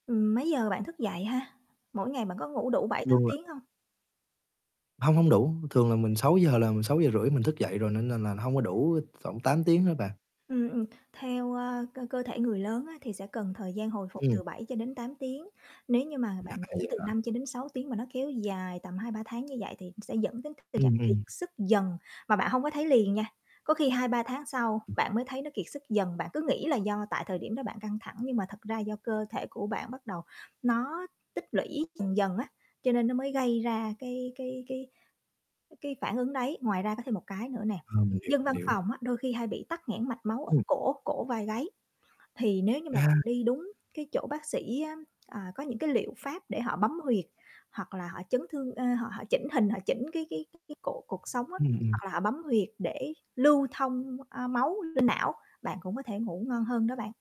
Ừm, mấy giờ bạn thức dậy ha? Mỗi ngày bạn có ngủ đủ 7-8 Luôn là tiếng hông? Hông, hông đủ, thường là mình 6 giờ là 6:30 mình thức dậy rồi, nên nên là nó hông có đủ thoảng 8 tiếng á bạn. Ừm, ừm, theo, ờ, cơ cơ thể người lớn á thì sẽ cần thời gian hồi phục Ừm. từ 7-8 tiếng, nếu như mà À, bạn ngủ vậy từ hả? 5-6 tiếng, mà nó kéo dài tầm 2-3 tháng như vậy, thì sẽ dẫn đến tình trạng Ừm, kiệt ừm. sức dần mà bạn hông có thấy liền nha. Có khi 2-3 tháng sau Ừm. bạn mới thấy nó kiệt sức dần, bạn cứ nghĩ là do tại thời điểm đó bạn căng thẳng, nhưng mà thật ra do cơ thể của bạn bắt đầu nó tích lũy dần dần á, cho nên nó mới gây ra cái cái cái cái cái phản ứng đấy. Ngoài ra có thêm một cái nữa nè, Ờ, mình hiểu, dân mình văn hiểu. phòng á đôi khi hay bị tắc nghẽn mạch máu ở Ừm. cổ cổ vai gáy, thì nếu như mà bạn À. đi đúng cái chỗ bác sĩ á, à, có những cái liệu pháp để họ bấm huyệt, hoặc là họ chấn thương ơ, họ họ chỉnh hình, họ chỉnh, cái cái cái cái cổ, cột sống á, Ừm, ừm. hoặc là họ bấm huyệt để lưu thông, a, máu lên não, bạn cũng có thể ngủ ngon hơn đó bạn.